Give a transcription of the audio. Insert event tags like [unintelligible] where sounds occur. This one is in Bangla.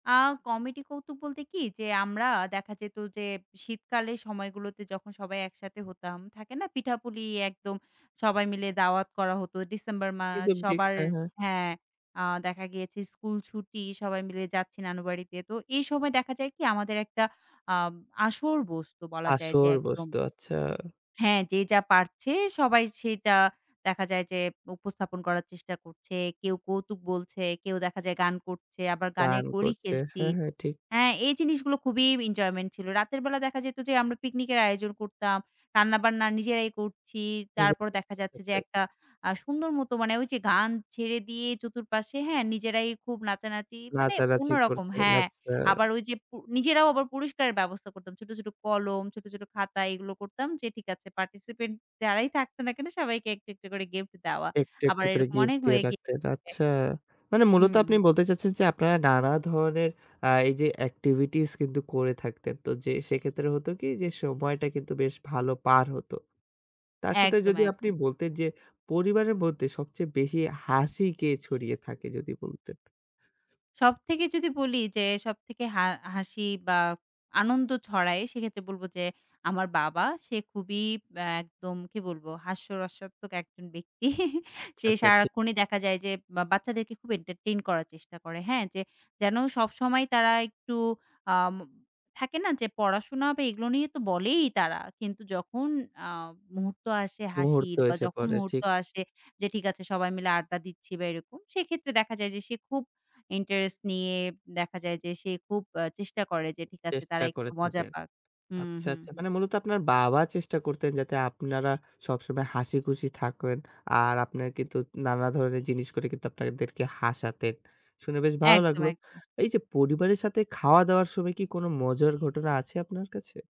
আ কমিটি কৌতুক বলতে কি? যে আমরা দেখা যেত যে শীতকালের সময়গুলোতে যখন সবাই একসাথে হতাম থাকে না পিঠাপুলি একদম সবাই মিলে দাওয়াত করা হতো ডিসেম্বর মাস। একদম ঠিক। সবার হ্যা, হ্যা। হ্যা, আ দেখা গিয়েছে স্কুল ছুটি সবাই মিলে যাচ্ছি নানুবাড়িতে। তো এই সময় দেখা যায় কি আমাদের একটা আ আসর বসত বলা যায় যে আসর একদম বসতো, আচ্ছা। হ্যা, যে যা পারছে সবাই সেটা দেখা যায় যে উপস্থাপন করার চেষ্টা করছে। কেউ কৌতুক বলছে, কেউ দেখা যায় গান করছে আবার গানের গান কলি করছে। খেলছি। হ্যা, হ্যা, ঠিক। হ্যা, এই জিনিসগুলো খুবই এনজয়মেন্ট ছিল। রাতের বেলা দেখা যেত যে আমরা পিকনিকের আয়োজন করতাম। রান্নাবান্না নিজেরাই করছি, তারপর নিজেরাই দেখা যাচ্ছে যে [unintelligible] একটা আ সুন্দর মতো মানে ওই যে গান ছেড়ে দিয়ে চতুর পাশে হ্যা, নিজেরাই খুব নাচানাচি মানে নাচানাচি অন্যরকম করছে, হ্যা। আচ্ছা। আবার ওই যে পু নিজেরাও আবার পুরস্কারের ব্যবস্থা করতাম। ছোট, ছোট কলম ছোট, ছোট খাতা এগুলো করতাম যে ঠিক আছে পার্টিসিপেন্ট যারাই থাকত না কেন সবাইকে একটু একটু করে গিফট দেওয়া। একটু, আবার একটু করে এরকম গিফট অনেক দিয়ে হয়ে রাখতেন, গিয়েছে। আচ্ছা। মানে মূলত আপনি হুম। বলতে চাচ্ছেন যে আপনারা নানা ধরনের আ এই যে এক্টিভিটিস কিন্তু করে থাকতেন। তো যে সেক্ষেত্রে হতো কি যে সময়টা কিন্তু বেশ ভালো পার হত। তার সাথে একদম, যদি আপনি একদম। বলতেন যে পরিবারের মধ্যে সবচেয়ে বেশি হাসি কে ছড়িয়ে থাকে যদি বলতেন? সব থেকে যদি বলি যে সবথেকে হা হাসি বা আনন্দ ছড়ায় সেক্ষেত্রে বলব যে আমার বাবা সে খুবই আ একদম কি বলবো হাস্যরসাত্মক একজন ব্যক্তি। [chuckles] আচ্ছা, সে আচ্ছা, ঠিক। সারাক্ষণই দেখা যায় যে বাচ্চাদেরকে খুব এন্টারটেইন করার চেষ্টা করে হ্যা, যে যেন সবসময় তারা একটু আম থাকে না যে পড়াশোনা বা এগুলো নিয়ে তো বলেই তারা কিন্তু যখন আ মুহূর্ত আসে মুহূর্ত হাসির বা এসে যখন পড়ে, মুহূর্ত ঠিক। আসে যে ঠিক আছে সবাই মিলে আড্ডা দিচ্ছি বা এরকম, সেক্ষেত্রে দেখা যায় যে সে খুব ইন্টারেস্ট নিয়ে দেখা যায় যে সে খুব চেষ্টা আ করে যে ঠিক আছে তারা চেষ্টা একটু করে মজা থাকেন। পাক। হুম, আচ্ছা, হুম, আচ্ছা মানে হুম। মূলত আপনার বাবা চেষ্টা করতেন যাতে আপনারা সবসময় হাসিখুশি থাকেন আর আপনার কিন্তু নানা ধরনের জিনিস করে কিন্তু আপনাদেরকে হাসাতেন, শুনে বেশ ভালো একদম, লাগলো। একদম। এই যে পরিবারের সাথে খাওয়া-দাওয়ার সময় কি কোনো মজার ঘটনা আছে আপনার কাছে?